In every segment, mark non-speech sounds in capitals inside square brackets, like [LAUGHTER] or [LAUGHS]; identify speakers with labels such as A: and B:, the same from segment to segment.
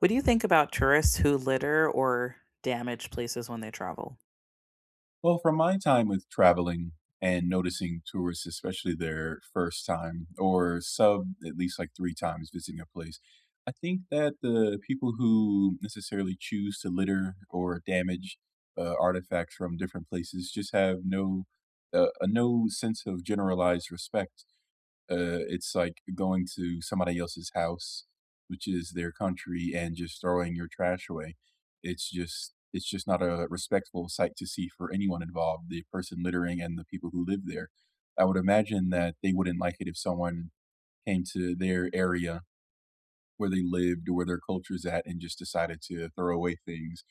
A: What do you think about tourists who litter or damage places when they travel?
B: Well, from my time with traveling and noticing tourists, especially their first time or sub at least, like, 3 times visiting a place, I think that the people who necessarily choose to litter or damage, uh, artifacts from different places just have no uh, no sense of generalized respect. Uh, it's like going to somebody else's house- which is their country- and just throwing your trash away. It's just It's just not a respectful sight to see for anyone involved- the person littering and the people who live there.- I would imagine that they wouldn't like it if someone came to their area where they lived or where their culture's at and just decided to throw away things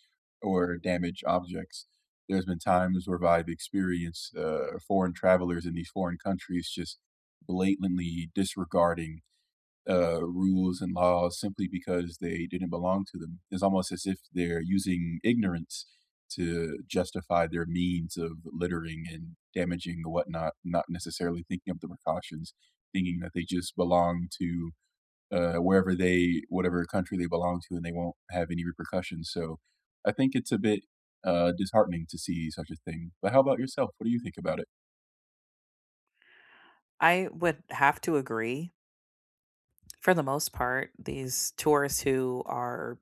B: or damage objects. There's been times where I've experienced, uh, foreign travelers in these foreign countries just blatantly disregarding, uh, rules and laws simply because they didn't belong to them, it's almost as if they're using ignorance to justify their means of littering and damaging the whatnot, not necessarily thinking of the precautions, thinking that they just belong to, uh, wherever they whatever country they belong to, and they won't have any repercussions, so I think it's a bit, uh, disheartening to see such a thing. But how about yourself? What do you think about it?
A: I would have to agree for the most part, these tourists who are-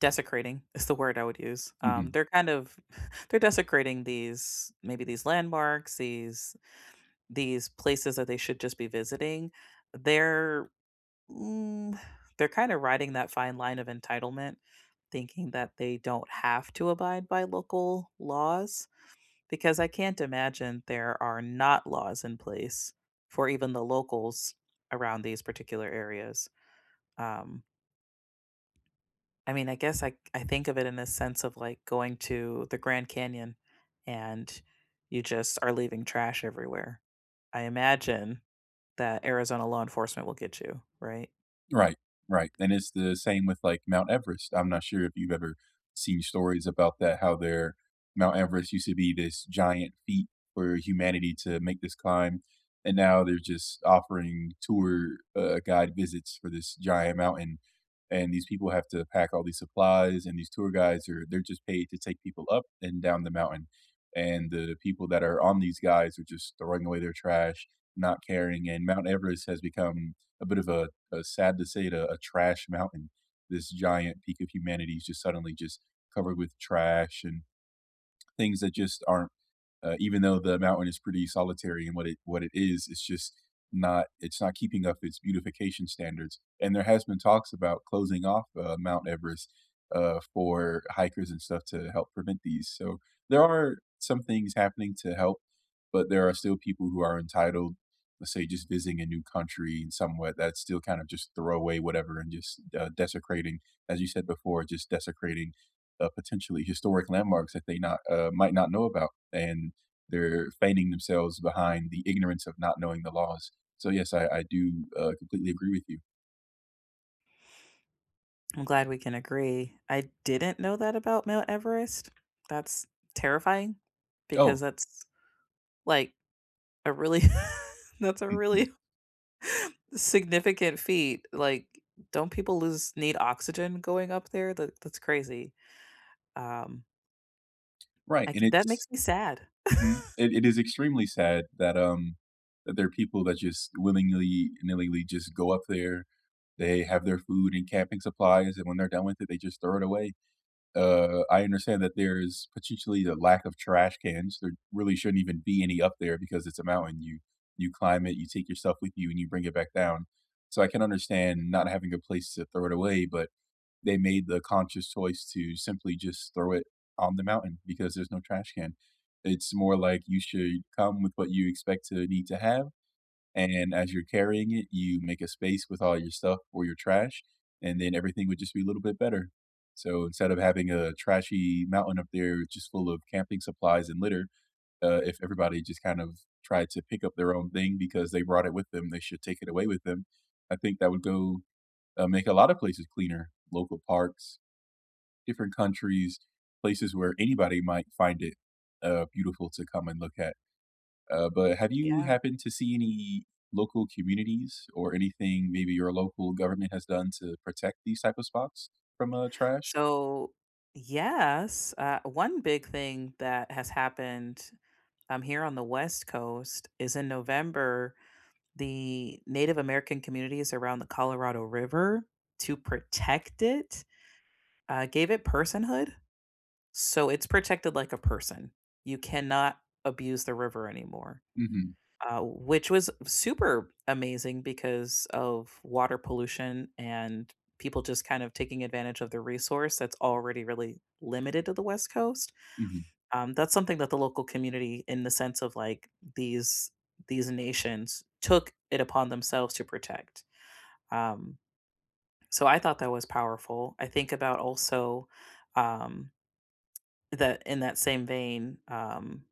A: "desecrating" is the word I would use- um,
B: Mhm.
A: they're kind of [CHUCKLES] they're desecrating these, maybe, these landmarks, these these places that they should just be visiting. They're mm, they're kinda riding that fine line of entitlement, thinking that they don't have to abide by local laws, because I can't imagine there are not laws in place for even the locals around these particular areas. Um I mean, I guess, I I think of it in the sense of, like, going to the Grand Canyon, and you just are leaving trash everywhere. I imagine that Arizona law enforcement will get you, right?
B: Right. Right. And it's the same with, like, Mount Everest. I'm not sure if you've ever seen stories about that, how their Mount Everest used to be this giant feat for humanity to make this climb, and now they're just offering tour, uh, guide visits for this giant mountain, and these people have to pack all these supplies, and these tour guides are they're just paid to take people up and down the mountain, and the people that are on these guides are just throwing away their trash, not caring, and Mount Everest has become a bit of a uh, sad to say it, uh, a trash mountain. This giant peak of humanity is just suddenly just covered with trash and things that just aren't uh, even though the mountain is pretty solitary in what it what it is, it's just not it's not keeping up its beautification standards, and there has been talks about closing off, uh, Mount Everest, uh, for hikers and stuff to help prevent these. So, there are some things happening to help, but there are still people who are entitled, let's say, just visiting a new country in somewhat that still kind of just throw away whatever and just, uh, desecrating, as you said before, just desecrating, uh, potentially historic landmarks that they not uh, might not know about, and they're feigning themselves behind the ignorance of not knowing the laws. So, yes, I I do, uh, completely agree with you.
A: I'm glad we can agree. I didn't know that about Mount Everest. That's terrifying
B: Oh.
A: because that's, like, a really [LAUGHS] that's a
B: [CHUCKLES]
A: really significant feat, like, don't people lose need oxygen going up there, that that's crazy? Um
B: Right, and
A: like, that makes
B: it's
A: me sad.
B: Mhm.
A: [LAUGHS]
B: It it is extremely sad that, um, that there are people that just willingly-nilly would just go up there, they have their food and camping supplies, and when they're done with it, they just throw it away. Uh, I understand that there's potentially a lack of trash cans, there really shouldn't even be any up there because it's a mountain, you you climb it, you take yourself with you, and you bring it back down, so I can understand not having a place to throw it away, but they made the conscious choice to simply, just, throw it on the mountain because there's no trash can. It's more like you should come with what you expect to need to have, and as you're carrying it, you make a space with all your stuff or your trash, and then everything would just be a little bit better. So, instead of having a trashy mountain up there just full of camping supplies and litter, uh, if everybody, just, kind of, tried to pick up their own thing because they brought it with them, they should take it away with them. I think that would go uh, make a lot of places cleaner, local parks, different countries, places where anybody might find it, uh, beautiful to come and look at. Uh, but have you
A: Yeah.
B: happened to see any local communities or anything maybe your local government has done to protect these type of spots from, uh, trash?
A: So, yes, uh, one big thing that has happened, um, here on the West Coast, is in November, the Native American communities around the Colorado River to protect it, uh, gave it personhood, so it's protected like a person. You cannot abuse the river anymore.
B: Mhm.
A: Uh, which was super amazing because of water pollution and people just kind of taking advantage of the resource that's already really limited to the West Coast,
B: Mhm.
A: um, that's something that the local community in the sense of, like, these these nations took it upon themselves to protect. Um, so I thought that was powerful. I think about also, um, the in that same vein, um,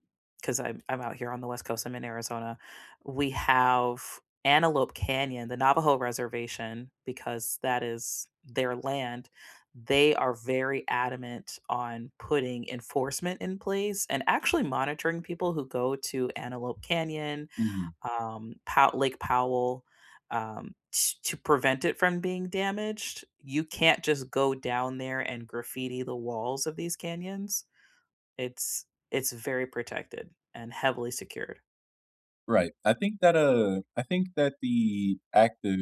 A: 'cause I'm I'm out here on the West Coast. I'm in Arizona. We have Antelope Canyon, the Navajo reservation, because that is their land. They are very adamant on putting enforcement in place and actually monitoring people who go to Antelope Canyon,
B: Mhm.
A: um, Po Lake Powell, um, to to prevent it from being damaged, you can't just go down there and graffiti the walls of these canyons. It's it's very protected and heavily secured.
B: Right. I think that, uh, I think that the act of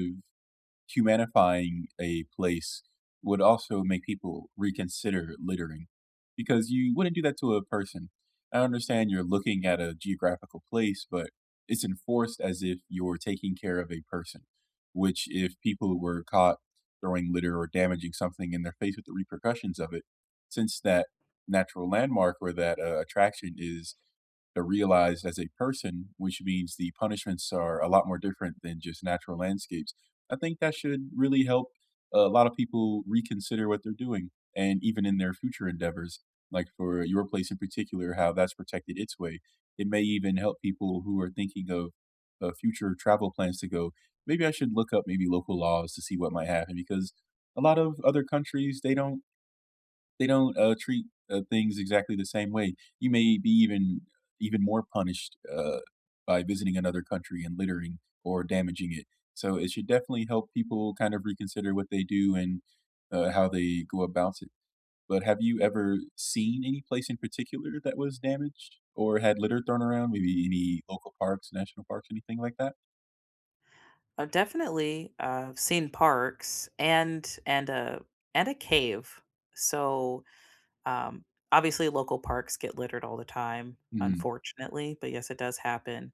B: humanifying a place would also make people reconsider littering because you wouldn't do that to a person. I understand you're looking at a geographical place, but it's enforced as if you're taking care of a person, which if people were caught throwing litter or damaging something and they're faced with the repercussions of it- since that natural landmark or that, uh, attraction is, uh, realized as a person- which means the punishments are a lot more different than just natural landscapes, I think that should really help a lot of people reconsider what they're doing. And even in their future endeavors- like for your place in particular- how that's protected its way. It may even help people who are thinking of, uh, future travel plans to go, "Maybe I should look up, maybe, local laws to see what might happen." Because a lot of other countries, they don't they don't, uh, treat, uh, things exactly the same way. You may be even even more punished, uh, by visiting another country and littering or damaging it. So it should definitely help people kind of reconsider what they do and, uh, how they go about it. But have you ever seen any place in particular that was damaged or had litter thrown around? Maybe any local parks, national parks, anything like that?
A: I've definitely, uh, seen parks and and a and a cave, so, um, obviously, local parks get littered all the time,
B: Mhm.
A: unfortunately, but, yes, it does happen,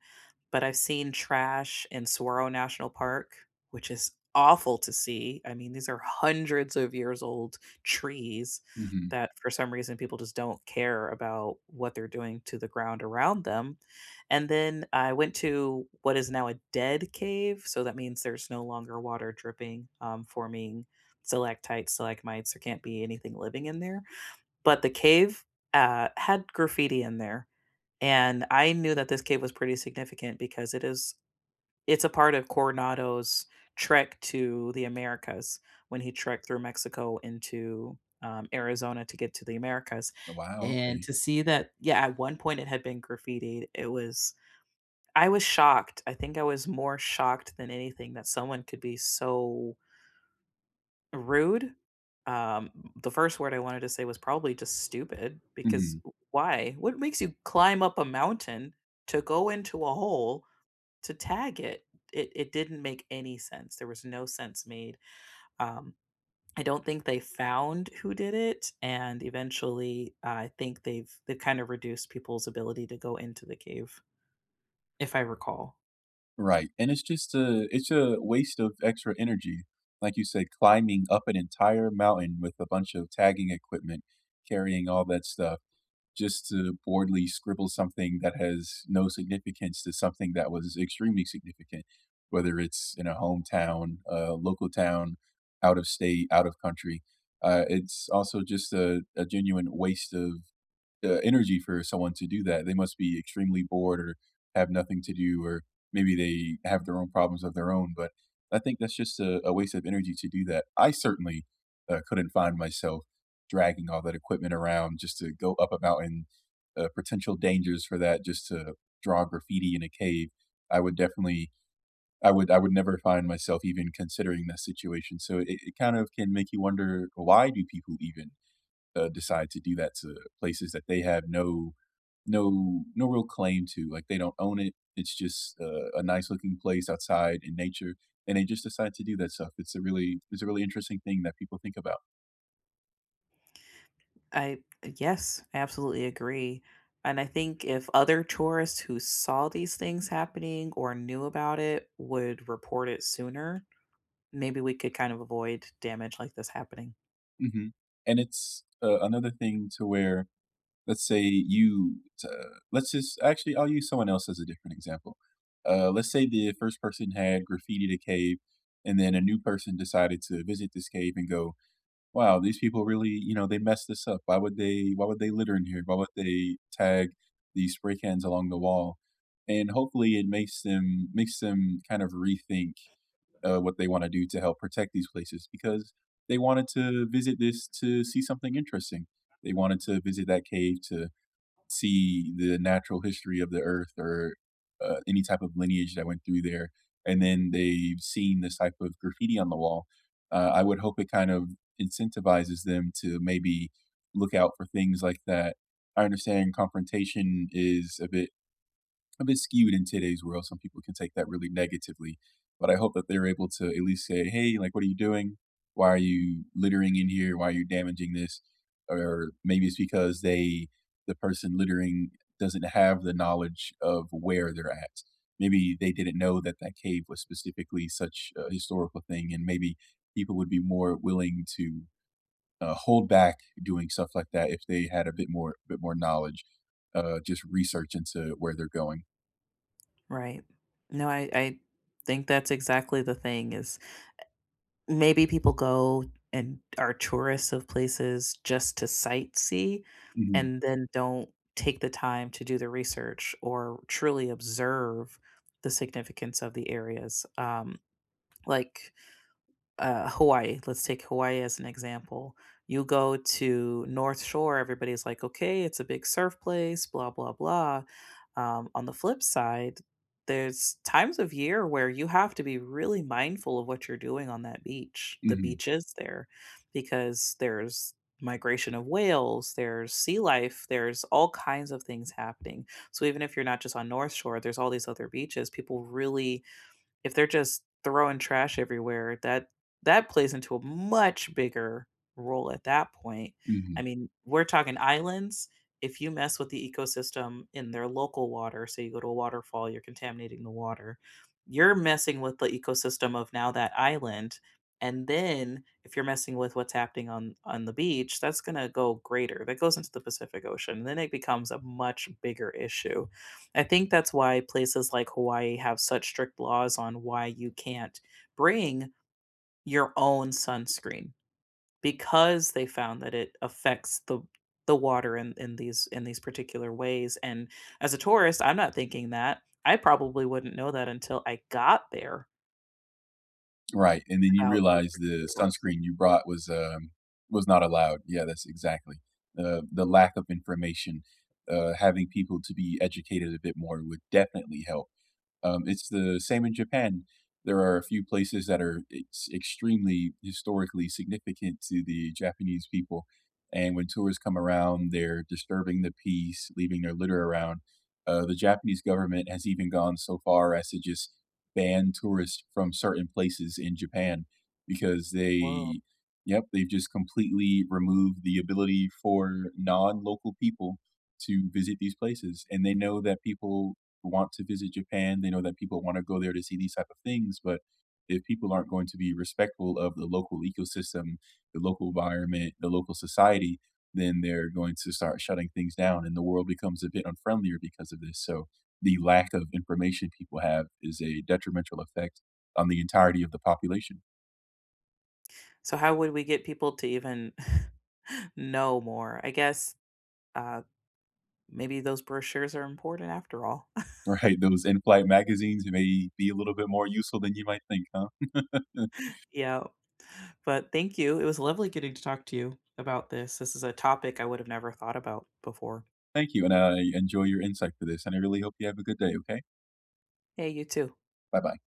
A: but I've seen trash in Saguaro National Park, which is awful to see, I mean, these are 100s of years old trees
B: Mhm.
A: that, for some reason, people just don't care about what they're doing to the ground around them, and then I went to what is now a dead cave, so that means there's no longer water dripping, um, forming stalactites, stalagmites, there can't be anything living in there, but the cave, uh, had graffiti in there, and I knew that this cave was pretty significant because it is it's a part of Coronado's trek to the Americas when he trekked through Mexico into, um, Arizona to get to the Americas,
B: Oh, wow.
A: and
B: Okay.
A: to see that Yeah, at one point, it had been graffitied, it was I was shocked. I think I was more shocked than anything that someone could be so rude. Um, the first word I wanted to say was probably just "Stupid" because
B: Mhm.
A: w why? What makes you climb up a mountain to go into a hole to tag it? It it didn't make any sense, there was no sense made. Um, I don't think they found who did it, and eventually, I think they've they've kind of reduced people's ability to go into the cave, if I recall.
B: Right, and it's just a it's a waste of extra energy, like you said, climbing up an entire mountain with a bunch of tagging equipment, carrying all that stuff just to boredly scribble something that has no significance to something that was extremely significant, whether it's in a hometown, uh, local town, out of state, out of country. Uh, it's also just a a genuine waste of, uh, energy for someone to do that. They must be extremely bored or have nothing to do or maybe they have their own problems of their own, but I think that's just a a waste of energy to do that. I certainly, uh, couldn't find myself dragging all that equipment around just to go up a mountain, uh, potential dangers for that, just to draw graffiti in a cave. I would, definitely, I would I would never find myself even considering that situation. So it it kind of can make you wonder why do people even, uh, decide to do that to places that they have no no no real claim to, like, they don't own it, it's just, uh, a nice looking place outside in nature, and they just decide to do that stuff, it's a really it's a really interesting thing that people think about.
A: I, uh, yes. Absolutely, I agree, and I think if other tourists, who saw these things happening or knew about would report it sooner, maybe we could kind of avoid damage like this happening.
B: Mhm, and it's, uh, another thing to where, let's say, you, to let's just Actually, I'll use someone else as a different example. Uh, let's say the 1st person had graffitied cave, and then a new person decided to visit this cave and go, "Wow, these people really you know, they messed this up. Why would they why would they litter in here? Why would they tag these spray cans along the wall?" and, hopefully, it makes them makes them kind of rethink, uh, what they wanna do to help protect these places, because they wanted to visit this to see something interesting, they wanted to visit that cave to see the natural history of the earth or, uh, any type of lineage that went through there, and then they've seen this type of graffiti on the wall, uh, I would hope it kind of incentivizes them to, maybe, look out for things like that. I understand confrontation is a bit a bit skewed in today's world, some people can take that really negatively, but I hope that they're able to, at least, say, "Hey, like, what are you doing? Why are you littering in here? Why are you damaging this?" or maybe it's because they the person littering doesn't have the knowledge of where they're at, maybe they didn't know that that cave was specifically such a historical thing, and maybe people would be more willing to, uh, hold back doing stuff like that if they had a bit more bit more knowledge, uh, just research into where they're going.
A: Right. No, I I think that's exactly the thing is, e Maybe people go and are tourists of places just to sightsee
B: Mhm.
A: and then don't take the time to do the research or truly observe the significance of the areas. Um, like, uh, Hawaii, let's take Hawaii as an example. You go to North Shore, everybody's like, "Okay. It's a big surf place, blah, blah, blah." um, on the flip side, there's times of year where you have to be really mindful of what you're doing on that beach the
B: Mhm.
A: beaches there, because there's migration of whales, there's sea life, there's all kinds of things happening, so even if you're not just on North Shore, there's all these other beaches. People really if they're just throwing trash everywhere, that that plays into a much bigger role at that point. I
B: Mhm.
A: mean, we're talking islands, if you mess with the ecosystem in their local water- so you go to a waterfall, you're contaminating the water- you're messing with the ecosystem of now that island, and then if you're messing with what's happening on on the beach, that's gonna go greater, that goes into the Pacific Ocean, then it becomes a much bigger issue. I think that's why places like Hawaii have such strict laws on why you can't bring your own sunscreen, because they found that it affects the w the water in in these in these particular ways, and as a tourist, I'm not thinking that, I probably wouldn't know that until I got there
B: Right, and then you
A: about those
B: realize the
A: particular rules.
B: sunscreen you brought was, um was not allowed. Yeah, that's exactly, uh, the lack of information, uh, having people to be educated a bit more would definitely help. Um, it's the same in Japan, there are a few places that are ex extremely historically significant to the Japanese people, and when tourists come around, they're disturbing the peace, leaving their litter around, uh, the Japanese government has even gone so far as to just ban tourists from certain places in Japan because
A: Whoa.
B: they Yep, they've just completely removed the ability for non-local people to visit these places, and they know that people want to visit Japan, they know that people wanna go there to see these type of things, but if people aren't going to be respectful of the local ecosystem, the local environment, the local society, then they're going to start shutting things down, and the world becomes a bit unfriendlier because of this. So the lack of information people have is a detrimental effect on the entirety of the population.
A: So how would we get people to even [CHUCKLES] know more? I guess, uh, maybe those brochures are important after all. [CHUCKLES]
B: Right. Those in-flight magazines may be a little bit more useful than you might think, huh? [LAUGHS]
A: Yep, but thank you, it was lovely getting to talk to you about this. This is a topic I would have never thought about before.
B: Thank you, and I enjoy your insight for this, and I really hope you have a good day, okay?
A: Hey, you too.
B: Bye-bye.